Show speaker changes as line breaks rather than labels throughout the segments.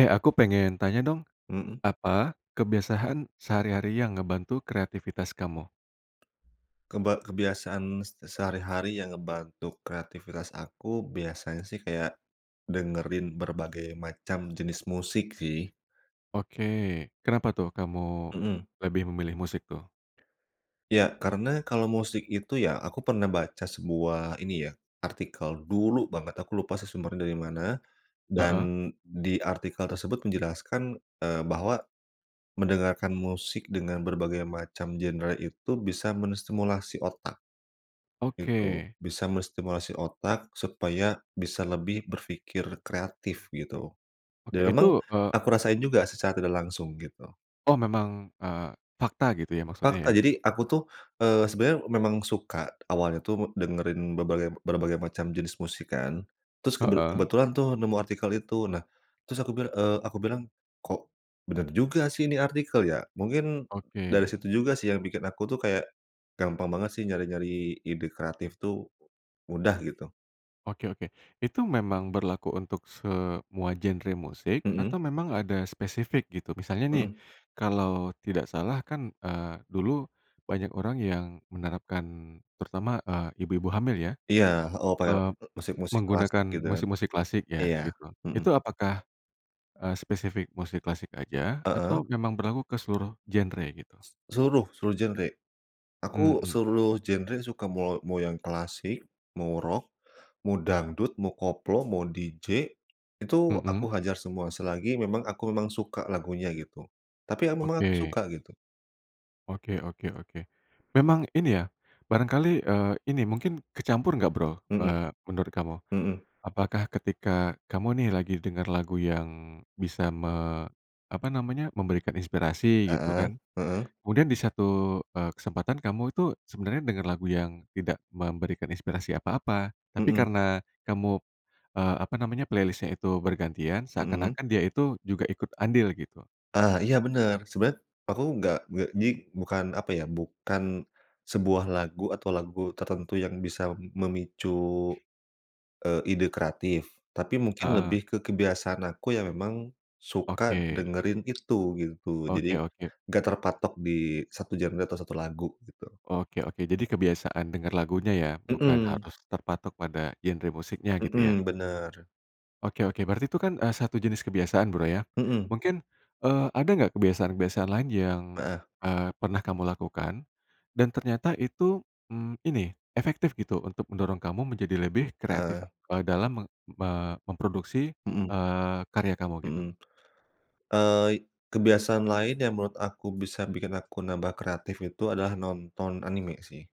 Eh, aku pengen tanya dong,
Mhm.
apa kebiasaan sehari-hari yang ngebantu kreativitas kamu?
Keba kebiasaan se sehari-hari yang ngebantu kreativitas aku biasanya sih kayak dengerin berbagai macam jenis musik sih.
Oke. Kenapa tuh kamu
Mhm.
lebih memilih musik tuh?
Iya. Karena kalau musik itu ya, aku pernah baca sebuah ini, ya, artikel, dulu banget aku lupa sih sumbernya dari mana, dan
Heeh.
di artikel tersebut menjelaskan, eee, bahwa mendengarkan musik dengan berbagai macam genre itu bisa menstimulasi otak, gitu.
Oke.
Bisa menstimulasi otak supaya bisa lebih berfikir kreatif, gitu.
Oke,
Dan memang
itu, eee
aku rasain juga secara tidak langsung, gitu.
Oh, memang, eee, fakta, gitu ya, maksudnya, ya?
Fakta. Jadi aku tuh, eee, sebenernya memang suka awalnya tuh dengerin berbagai berbagai macam jenis musik kan, terus kebe
Heeh.
kebetulan tuh nemu artikel itu. Nah, terus aku bil eee, aku bilang, "Kok bener juga sih ini artikel, ya." Mungkin dari
Oke.
situ juga sih yang bikin aku tuh kayak gampang banget sih nyari-nyari ide kreatif tuh, mudah gitu.
Oke oke. Itu memang berlaku untuk semua genre musik
Mhm.
atau memang ada spesifik gitu? Misalnya nih,
Heeh.
kalau tidak salah kan, eee, dulu banyak orang yang menerapkan, terutama, eee, ibu-ibu hamil, ya,
Iya. Heeh, pakai
eee,
musik-musik klasik
menggunakan
gitu kan?
musik-musik klasik
Iya,
ya, gitu.
mhm.
Itu apakah, eee, spesifik musik klasik aja atau
Heeh.
memang berlaku ke seluruh genre, gitu?
S seluruh, seluruh genre. Aku
Mhm.
seluruh genre suka, mau mau yang klasik, mau rock, mau dangdut, mau koplo, mau DJ, itu aku
Mhm.
hajar semua selagi memang aku memang suka lagunya, gitu. Tapi ya memang aku
Oke.
suka, gitu.
Oke oke oke. Memang ini ya, barangkali, eee, ini mungkin kecampur nggak, Bro,
Mhm.
eee, menurut kamu?
mhm.
Apakah ketika kamu nih lagi denger lagu yang bisa me apa namanya, memberikan inspirasi, gitu
Heeh,
kan,
heeh.
kemudian di satu, eee, kesempatan kamu itu sebenernya dengar lagu yang tidak memberikan inspirasi apa-apa, tapi
Mhm.
karena kamu, eee, apa namanya playlist-nya itu bergantian
Mhm.
seakan-akan dia itu juga ikut andil, gitu.
Ah, iya bener. Sebenarnya aku nggak nggak jadi bukan apa, ya, bukan sebuah lagu atau lagu tertentu yang bisa memicu, eee, ide kreatif, tapi mungkin lebih
Heeh.
ke kebiasaan aku yang memang suka
Oke.
dengerin itu, gitu.
Oke
Jadi
oke.
nggak terpatok di 1 genre atau 1 lagu, gitu.
Oke oke. Jadi kebiasaan denger lagunya, ya? Bukan
Mhm.
harus terpatok pada genre musiknya gitu, ya?
Mhm, bener.
Oke oke. Berarti itu kan, eee, satu jenis kebiasaan, Bro, ya?
Mhm.
Mungkin, eee, ada nggak kebiasaan-kebiasaan lain yang,
Heeh.
eee, pernah kamu lakukan, dan ternyata itu, mmm, ini, efektif gitu untuk mendorong kamu menjadi lebih kreatif,
Eh.
eee, dalam meng me memproduksi,
Mhm.
eee, karya kamu, gitu?
Mhm. Eee, i kebiasaan lain yang menurut aku bisa bikin aku nambah kreatif itu adalah nonton anime sih.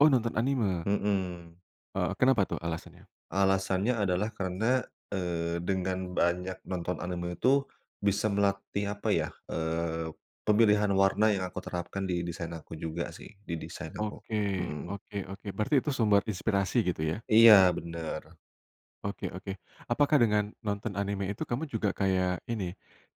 Oh, nonton anime?
Mhm.
Eee, kenapa tuh alasannya?
Alasannya adalah karena, eee, dengan banyak nonton anime itu bisa melatih apa, ya, eee, pemilihan warna yang aku terapkan di desain aku juga sih, di desain aku.
Oke,
Mhm.
oke oke. Berarti itu sumber inspirasi, gitu ya?
Iya, bener.
Oke oke. Apakah dengan nonton anime itu kamu juga kayak ini,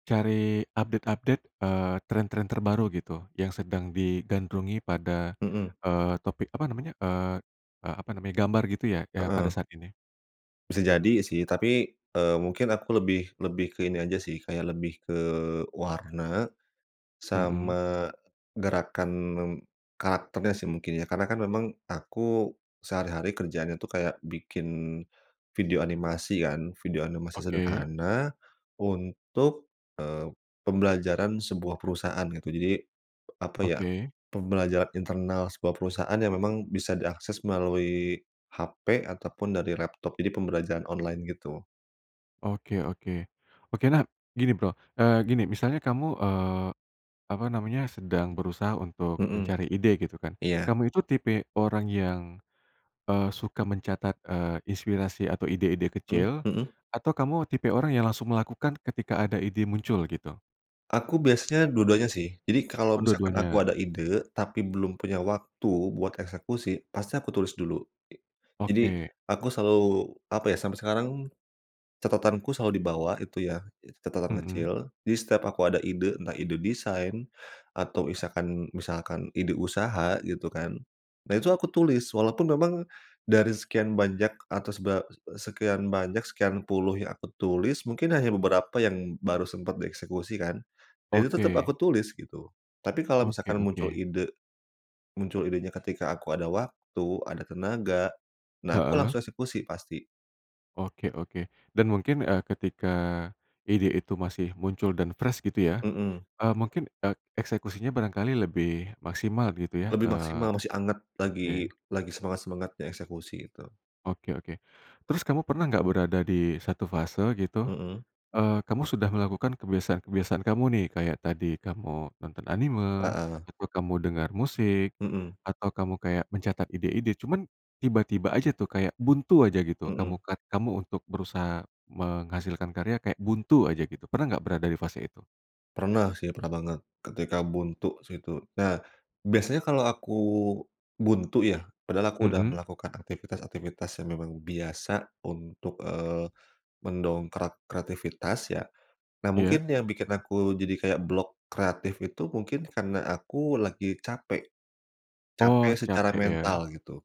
cari update-update, eee, tren-tren terbaru gitu yang sedang digandrungi pada,
Mhm.
eee, topik apa namanya, eee eee, apa namanya gambar gitu ya ya pada
Heeh.
saat ini?
Bisa jadi sih tapi, eee, mungkin aku lebih lebih ke ini aja sih kayak lebih ke warna,
Mhm.
sama, gerakan karakternya sih mungkin ya karena kan memang aku sehari-hari kerjaannya itu kayak bikin video animasi kan, video animasi
Oke.
sederhana untuk, eee, pembelajaran sebuah perusahaan gitu jadi, apa ya,
Oke.
pembelajaran internal sebuah perusahaan yang memang bisa diakses melalui hape atau pun dari laptop, jadi pembelajaran online gitu.
Oke oke, oke nah gini, Bro, eee, gini misalnya kamu, eee, apa namanya sedang berusaha untuk
Mhm,
mencari ide, gitu kan,
iya.
kamu itu tipe orang yang, eee, suka mencatat, eee, inspirasi atau ide-ide
Mmm,
kecil,
mhm.
atau kamu tipe orang yang langsung melakukan ketika ada ide muncul gitu?
Aku biasanya dua-duanya sih, jadi kalau
Oh,
misalkan aku
dua-duanya.
ada ide tapi belum punya waktu buat eksekusi pasti aku tulis dulu. Jadi
Oke.
aku selalu apa ya, sampai sekarang catatanku selalu dibawa itu ya it catatan
Mhm.
kecil, jadi setiap aku ada ide entah ide desain atau isakan misalkan ide usaha gitu kan, nah, itu aku tulis walaupun memang dari sekian banyak atas ba eee, sekian banyak, sekian puluh yang aku tulis, mungkin hanya beberapa yang baru sempat dieksekusi kan, ya itu tetap aku
Oke.
tulis gitu, tapi kalau
Oke
misalkan muncul
oke.
ide muncul idenya ketika aku ada waktu, ada tenaga, nah aku
Heeh.
langsung eksekusi pasti.
Oke oke, dan mungkin, eee, ketika, ide itu masih muncul dan fresh gitu ya,
Mhm.
eee, mungkin ek eksekusinya barangkali lebih maksimal gitu ya?
Lebih
Eee,
maksimal, masih anget
oke.
lagi lagi semangat-semangatnya eksekusi itu.
Oke oke. Terus kamu pernah nggak berada di 1 fase gitu,
Mhm.
eee, kamu sudah melakukan kebiasaan-kebiasaan kamu nih, kayak tadi kamu nonton anime,
Heeh.
atau kamu dengar musik,
Mhm.
atau kamu kayak mencatat ide-ide, cuman, tiba-tiba aja tuh kayak buntu aja gitu kamu
Mhm.
kat kamu untuk berusaha menghasilkan karya kayak buntu aja gitu, pernah nggak berada di fase itu?
Pernah sih, pernah banget, ketika buntu sih itu, nah, biasanya kalau aku buntu ya, padahal aku udah
Mhm.
melakukan aktivitas-aktivitas yang memang biasa untuk, eee, mendongkrak kreativitas ya, nah
Iya.
mungkin yang bikin aku jadi kayak blok kreatif itu mungkin karena aku lagi capek,
Oh,
capek secara
capek ya.
mental gitu.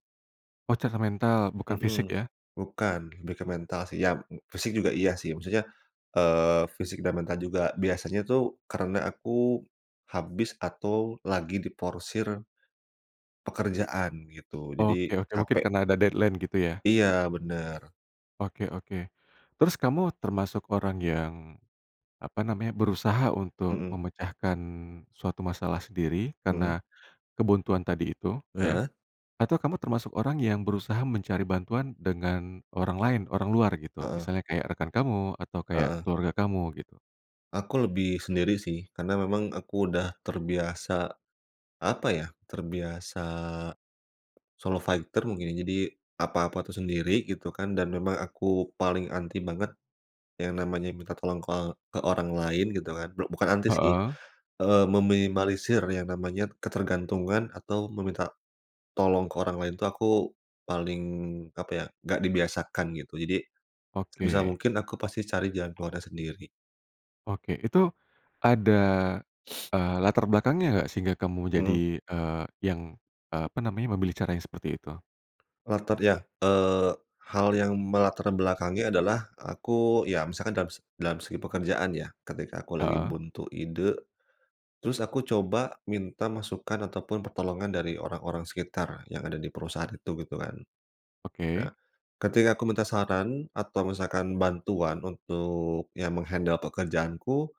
Oh, capek mental, bukan fisik
Mhm,
ya?
bukan, lebih ke mental sih. Ya fisik juga iya sih, maksudnya, eee, fisik dan mental juga, biasanya itu karena aku, habis atau lagi diforsir pekerjaan gitu, jadi
Oke oke, mungkin
capek.
karena ada deadline gitu ya?
Iya, bener.
Oke oke, terus kamu termasuk orang yang, apa namanya, berusaha untuk
Mhm.
memecahkan suatu masalah sendiri
Mhm.
karena, kebuntuan tadi itu ya,
Heeh.
atau kamu termasuk orang yang berusaha mencari bantuan dengan orang lain, orang luar gitu,
Heeh.
misalnya kayak rekan kamu atau kayak
Heeh.
keluarga kamu gitu?
Aku lebih sendiri sih karena memang aku udah terbiasa, apa ya, terbiasa solo fighter mungkin ya jadi, apa-apa itu sendiri gitu kan dan memang aku paling anti banget yang namanya minta tolong ke ke orang lain gitu kan blok bukan anti sih,
Heeh.
eee, meminimalisir yang namanya ketergantungan atau meminta tolong ke orang lain tuh aku paling apa ya, nggak dibiasakan gitu jadi, sebisa
Oke.
mungkin aku pasti cari jalan keluarnya sendiri.
Oke, itu ada, eee, latar belakangnya nggak sehingga kamu
Mhm.
jadi, eee, yang, eee, apa namanya, memilih cara yang seperti itu?
Latar ya, eee, hal yang melatarbelakangi adalah aku ya misalkan dalam se dalam segi pekerjaan ya ketika aku lagi
Heeh.
buntu ide. Terus aku coba minta masukan atau pun pertolongan dari orang-orang sekitar yang ada di perusahaan itu gitu kan. Nah
Oke.
ketika aku minta saran atau misalkan bantuan untuk ya meng-handle pekerjaanku,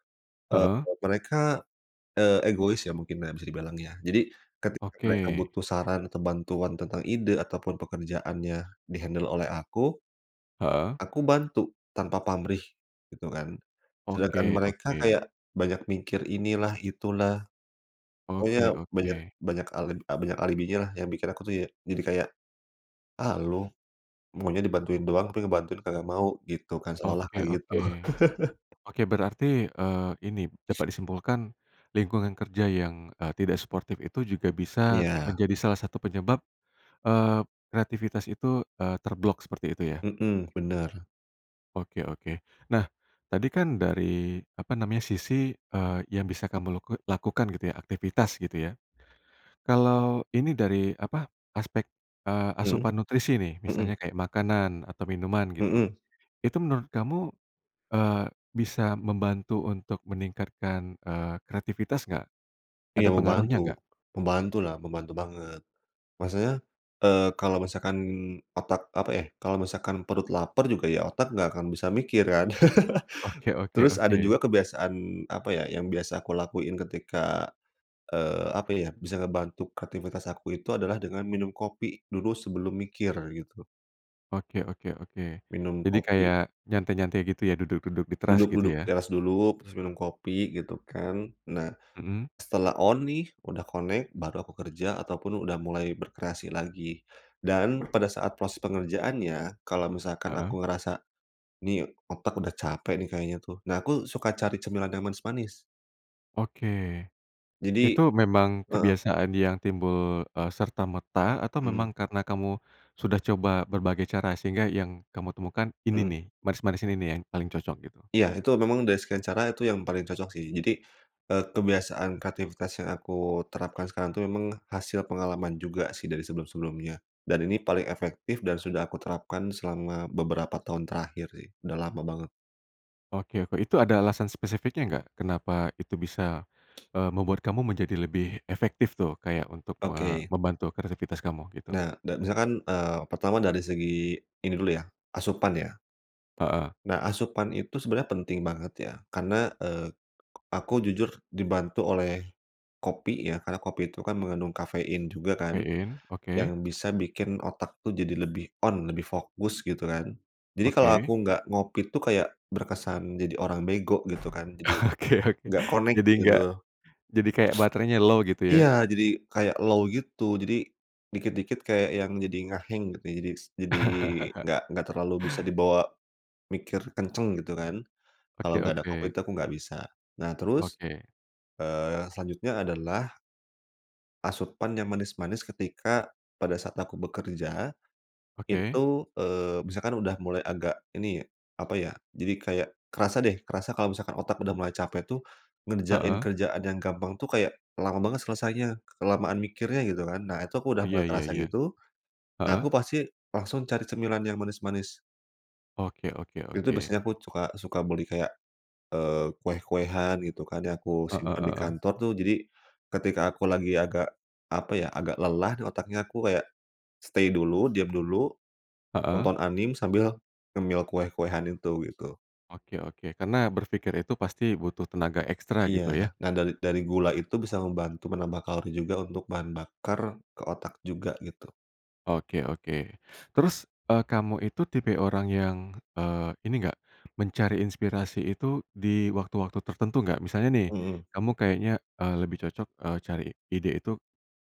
eee,
Heeh.
mereka, eee, egois ya mungkin nah bisa dibilang ya, jadi ketika mereka
Oke.
butuh saran atau bantuan tentang ide atau pun pekerjaannya di-handle oleh aku,
Heeh.
aku bantu tanpa pamrih, gitu kan, sedangkan
Oke
mereka
oke.
kayak banyak mikir inilah, itulah.
Oke
Pokoknya banyak
oke.
banyak al eb banyak alibinya lah yang bikin aku tuh ya jadi kayak, "Ah, lu, maunya dibantuin doang tapi ngebantuin kagak mau" gitu kan seolah-olah
Oke
kayak gitu.
oke, oke berarti, eee, ini dapat disimpulkan, lingkungan kerja yang, eee, tidak suportif itu juga bisa
Iya.
menjadi salah satu penyebab, eee, kreativitas itu, eee, terblok seperti itu ya?
Mhm, bener.
Oke oke. Nah, tadi kan, dari, apa namanya, sisi, eee, yang bisa kamu laku lakukan, gitu ya, aktivitas, gitu ya. Kalau, ini dari, apa, aspek, eee,
Mhm.
asupan nutrisi nih,
Mhm.
misalnya kayak, makanan, atau minuman, gitu.
Mmm.
Itu, menurut kamu, eee, bisa membantu untuk meningkatkan, eee, kreativitas nggak? Ada
Iya,
pengaruhnya,
membantu,
nggak?
membantulah, membantu banget. Maksudnya, eee, kalau misalkan, otak, apa ya, kalau misalkan perut lapar, juga, ya otak nggak akan bisa mikir, kan?
Oke oke
Terus, ada
oke.
juga kebiasaan, apa ya, yang biasa aku lakuin ketika, eee, apa ya, bisa ngebantu kreativitas aku itu, adalah dengan minum kopi dulu, sebelum mikir, gitu.
Oke oke oke.
Minum
Jadi,
kopi.
kayak, nyantai-nyantai gitu ya, duduk-duduk di teras, gitu
Duduk-duduk di
ya?
teras dulu, habis itu, minum kopi, gitu kan. Nah,
Mhm?
setelah on nih, udah connect, baru aku kerja, ataupun, udah mulai berkreasi lagi. Dan, pada saat proses pengerjaannya kalau misalkan
Heeh.
aku ngerasa, "Nih, otak udah capek nih kayaknya," tuh. Nah, aku suka cari cemilan yang manis-manis.
Oke.
Jadi
Itu, memang
heeh.
kebiasaan yang timbul, eee, serta-merta, atau
Mhm.
memang, karena kamu sudah coba berbagai cara, sehingga, yang kamu temukan ini
Heeh.
nih, manis-manis ini nih, yang paling cocok, gitu?
Iya, itu memang dari sekian cara, itu yang paling cocok, sih. Jadi, eee, kebiasaan, kreativitas yang aku terapkan sekarang, itu memang hasil pengalaman juga sih, dari sebelum-sebelumnya. Dan, ini paling efektif, dan sudah aku terapkan selama beberapa tahun terakhir sih, udah lama banget.
Oke oke, itu ada alasan spesifiknya, nggak? Kenapa, itu bisa,
[unintelligible]
eee, membuat kamu menjadi lebih efektif tuh, kayak, untuk me
Oke.
membantu kreativitas kamu, gitu?
Nah dan, misalkan, eee, pertama dari segi ini dulu ya, asupan ya.
Heeh.
Nah, asupan itu sebenarnya penting banget, ya. Karena, eee, aku jujur dibantu oleh kopi ya, karena kopi itu kan, mengandung kafein juga kan,
Kafein? Oke.
yang bisa bikin otak itu jadi lebih on, lebih fokus, gitu kan. Jadi, kalau aku
Oke.
nggak ngopi, itu kayak, berkesan jadi orang bego, gitu kan. Jadi,
Oke oke.
nggak connect,
Jadi nggak
gitu.
jadi kayak baterainya low, gitu ya?
Iya! Jadi, kayak low gitu. Jadi, dikit-dikit kayak, yang jadi, nge-hang, gitu. Jadi jadi nggak nggak terlalu bisa dibawa mikir kencang, gitu kan. Kalau,
Oke
nggak ada
oke
kopi, itu,
oke.
aku nggak bisa. Nah, terus,
Oke.
eee, selanjutnya adalah asupan yang manis-manis, ketika, pada saat aku bekerja.
Oke?
Itu, eee, misalkan udah mulai agak, ini, apa ya, jadi kayak, kerasa deh, kerasa kalau misalkan otak udah mulai capek tuh, ngerjain
Heeh.
kerjaan yang gampang tuh, kayak, lama banget selesainya, kelamaan mikirnya, gitu kan. Nah, itu aku udah
Iya
mulai
iya
kerasa,
ya.
gitu. Nah,
Heeh?
aku pasti langsung cari cemilan yang manis-manis.
Oke oke
Itu,
oke.
biasanya aku cuka suka beli kayak, eee, kue-kuean gitu kan, ya, aku
Heeh
simpan di
heeh.
kantor, tuh. Jadi, ketika aku lagi agak, apa ya, agak lelah di otaknya, aku kayak stay dulu, diam dulu,
Heeh?
tonton anime, sambil ngemil kue-kuean itu, gitu.
Oke oke. Karena, berpikir itu pasti butuh tenaga ekstra,
Iya,
gitu ya?
nah, dari dari gula itu, bisa membantu menambah kalori juga, untuk bahan bakar ke otak juga, gitu.
Oke oke. Terus, eee, kamu itu tipe orang yang, eee, ini nggak, mencari inspirasi itu, di waktu-waktu tertentu, nggak? Misalnya nih,
Mhm.
kamu kayaknya, eee, lebih cocok, eee, cari ide itu,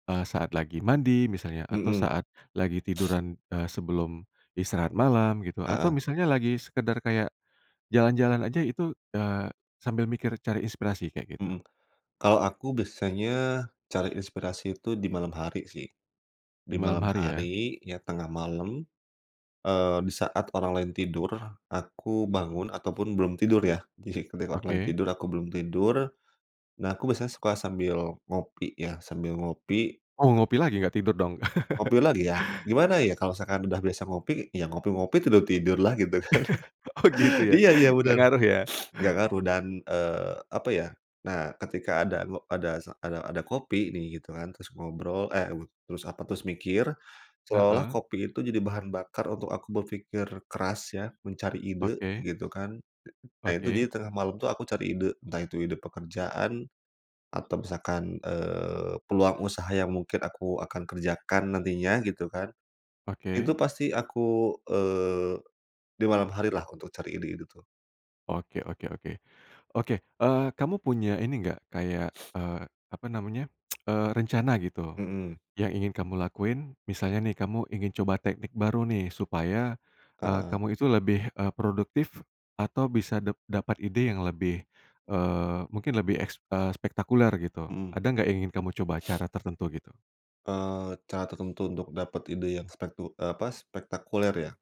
eee, saat lagi mandi misalnya, atau
Mhm.
saat lagi tiduran, eee, sebelum istirahat malam, gitu? Atau
Heeh.
misalnya, lagi sekedar kayak, jalan-jalan aja, itu, eee, sambil mikir cari inspirasi, kayak gitu?
Mhm. Kalau, aku biasanya cari inspirasi itu, di malam hari, sih,
Di
di
malam
malam
hari, ya?
hari, ya, tengah malam, eee, di saat orang lain tidur, aku bangun, ataupun belum tidur, ya. Jadi, ketika orang
Oke?
tidur, aku belum tidur. Nah, aku biasanya suka sambil ngopi, ya, sambil ngopi
Oh, ngopi lagi, nggak tidur dong?
ngopi lagi, ya, gimana ya, kalau misalkan udah biasa ngopi, ya ngopi-ngopi, tidur-tidurlah, gitu kan.
Oh, gitu ya?
Iya iya
Nggak
benar,
ngaruh, ya?
nggak ngaruh, dan, eee, apa ya. Nah, ketika ada, ngo ada se ada ada kopi nih, gitu kan, terus ngobrol, eh, wud terus apa, terus mikir, seolah-olah,
Heeh?
kopi itu jadi bahan bakar, untuk aku berpikir keras, ya, mencari ide,
Oke?
gitu kan. Nah, itu, jadi
Oke?
tengah malam itu, aku cari ide, entah itu ide pekerjaan, atau misalkan, eee, peluang usaha, yang mungkin aku akan kerjakan, nantinya, gitu kan. Itu,
Oke?
pasti aku, eee, di malam hari lah, untuk cari ide-ide, itu.
Oke oke oke. Oke, eee, kamu punya ini nggak, kayak, eee, apa namanya, eee, rencana gitu,
Mhm.
yang ingin kamu lakuin? Misalnya nih, kamu ingin coba teknik baru nih, supaya, eee,
Heeh.
kamu itu lebih, eee, produktif, atau bisa dap dapat ide yang lebih, eee, mungkin lebih eks eee, spektakuler, gitu?
Mhm.
Ada nggak, yang ingin kamu coba, cara tertentu, gitu?
Eee, cara tertentu untuk dapat ide yang spektu eee, apa, spektakuler, ya?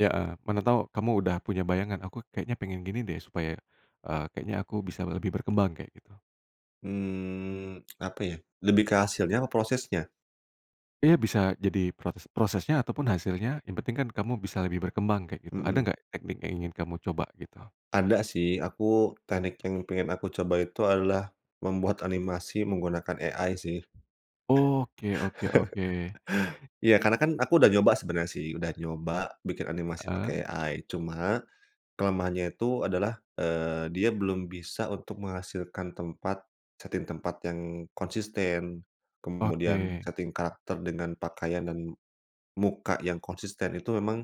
Iya heeh, mana tahu, kamu udah punya bayangan, "Aku, kayaknya pengen gini deh, supaya, eee, kayaknya aku bisa lebih berkembang," kayak gitu?
Mmm, apa ya, lebih ke hasilnya, apa prosesnya?
Iya, bisa jadi, protes prosesnya, ataupun hasilnya, yang penting kan, kamu bisa lebih berkembang kayak, gitu. Ada
Mhm.
nggak, teknik yang ingin kamu coba, gitu?
Ada sih, aku teknik yang pengen aku coba itu, adalah, membuat animasi menggunakan AI sih.
Oke oke oke.
Iya, karena kan, aku udah nyoba sebenarnya sih, udah nyoba, bikin animasi pakai
Heeh?
AI. Cuma, kelemahannya itu, adalah, eee, dia belum bisa untuk menghasilkan tempat setting tempat yang konsisten, kemudian,
Oke.
setting karakter dengan pakaian, dan, muka yang konsisten. Itu, memang,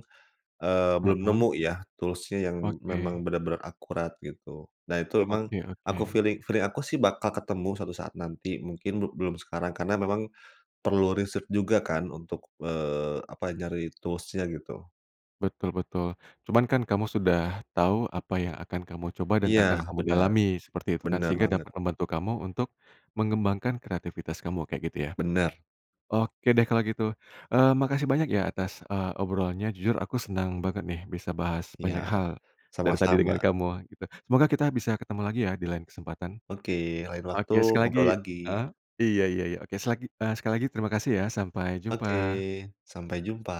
eee, belum
Heeh.
nemu ya, tools-nya, yang memang,
Oke.
benar-benar akurat, gitu. Nah, itu memang,
Oke
aku
oke.
fili feeling aku sih, bakal ketemu, suatu saat nanti, mungkin, be belum sekarang. Karena, memang perlu riset juga kan, untuk, eee, apa, nyari tools-nya, gitu.
Betul betul. Cuman kan, kamu sudah tahu, apa yang akan kamu coba, dan
Iya,
akan kamu
benar
dalami, seperti itu kan?
benar
Sehingga,
banget.
dapat membantu kamu untuk mengembangkan kreativitas kamu, kayak gitu, ya?
Benar.
Oke deh, kalau gitu, mmm, makasih banyak ya atas, eee, obrolnya. Jujur, aku senang banget nih, bisa bahas banyak
Iya,
hal, dari tadi dengan
sama-sama.
kamu, gitu. Semoga, kita bisa ketemu lagi ya, di lain kesempatan.
Oke, lain waktu
Oke sekali lagi
ngobrol lagi.
heeh, iya iya iya, oke selagi eee, sekali lagi terima kasih, ya. Sampai jumpa!
Oke, sampai jumpa!